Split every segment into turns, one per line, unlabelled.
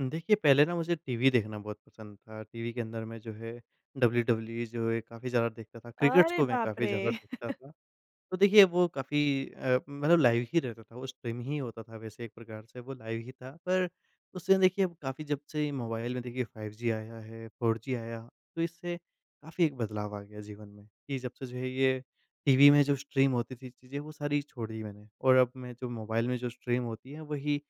देखिए पहले ना मुझे टीवी देखना बहुत पसंद था, टीवी के अंदर में जो है डब्ल्यूडब्ल्यूई जो है काफ़ी ज़्यादा देखता था क्रिकेटस
अरे
को मैं
बाप
काफ़ी
रे!
ज़्यादा देखता था। तो देखिए वो काफ़ी अ, मतलब लाइव ही रहता था वो स्ट्रीम ही होता था वैसे एक प्रकार से वो लाइव ही था पर, उससे देखिए काफ़ी जब से ये मोबाइल में देखिए 5G आया है, 4G आया तो इससे काफ़ी एक बदलाव आ गया जीवन में कि जब से जो है ये टीवी में जो स्ट्रीम होती थी चीज़ें वो सारी छोड़ दी मैंने और अब मैं जो मोबाइल में जो स्ट्रीम होती हैं वही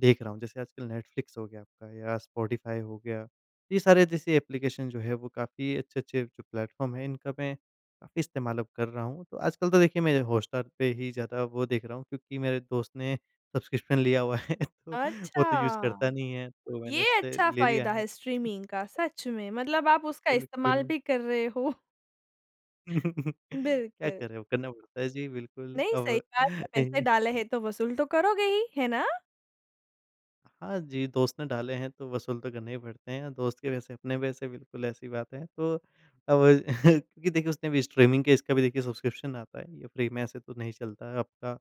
देख रहा हूँ जैसे आजकल नेटफ्लिक्स हो गया आपका या स्पॉटिफ़ाई हो गया। ये सारे जैसे एप्लिकेशन जो है वो काफ़ी अच्छे-अच्छे जो प्लेटफ़ॉर्म है इनका मैं, काफ़ी इस्तेमाल अब कर रहा हूँ। तो आजकल तो देखिए मैं हॉटस्टार पे ही ज़्यादा वो देख रहा हूँ, क्योंकि मेरे दोस्त ने सब्स्क्रिप्शन लिया हुआ है तो वो तो यूज़ करता
अच्छा!
नहीं है तो मैंने
ये
उससे
अच्छा
ले लिया
फायदा
है।
है स्ट्रीमिंग का सच में, मतलब आप उसका इस्तेमाल
बिल्कुल।
भी कर रहे हो।
क्या
बिल्कुल।
करे अब करना पड़ता है जी, बिल्कुल,
नहीं सही
अब।
बात है, पैसे डाले हैं तो वसूल तो करोगे ही, है ना?
हाँ, जी, दोस्त ने डाले हैं तो वसूल तो करने ही पड़ते हैं। दोस्त के वैसे अपने वैसे बिल्कुल ऐसी बात है तो अब क्योंकि देखिए उसने भी स्ट्रीमिंग के इसका भी देखिए सब्स्क्रिप्शन आता है ये फ्री में ऐसे तो नहीं चलता है आपका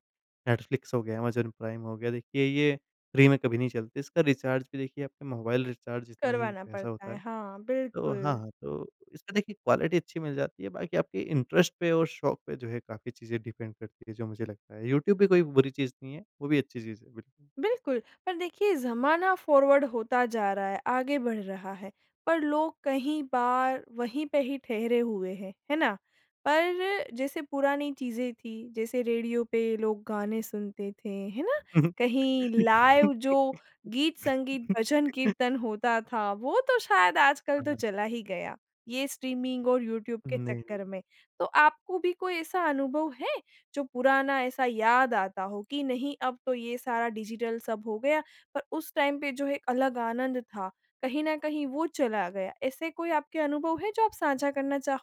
नेटफ्लिक्स हो गया, अमेज़न प्राइम हो गया देखिए ये फ्री में कभी नहीं चलती इसका रिचार्ज भी देखिए आपका मोबाइल रिचार्ज जितना ही
करवाना
पैसा
पड़ता
होता
है।
है।
हाँ,
तो
बिल्कुल।
हाँ, तो इसमें देखिए क्वालिटी अच्छी मिल जाती है, बाकी आपके इंटरेस्ट पे और शौक पे जो है काफ़ी चीज़ें डिपेंड करती है जो मुझे लगता है। यूट्यूब भी कोई बुरी चीज़ नहीं है, वो भी अच्छी चीज़ है, बिल
बिल्कुल, पर देखिए ज़माना फॉरवर्ड होता जा रहा है, आगे बढ़ रहा है, पर लोग कहीं बार वहीं पे ही ठहरे हुए हैं, है ना? पर जैसे पुरानी चीज़ें थी, जैसे रेडियो पे लोग गाने सुनते थे, है ना? कहीं लाइव जो गीत-संगीत, भजन-कीर्तन होता था वो तो शायद आजकल तो
हाँ।
चला ही गया, ये स्ट्रीमिंग और यूट्यूब के
नहीं,
चक्कर
नहीं।
में। तो आपको भी कोई ऐसा अनुभव है, जो पुराना ऐसा याद आता हो कि नहीं अब तो ये सारा डिजिटल सब हो गया पर उस टाइम पे जो एक अलग आनंद था, कहीं न कहीं वो चला गया। ऐसे कोई आपके अनुभव हैं जो आप साझा करना चाहो?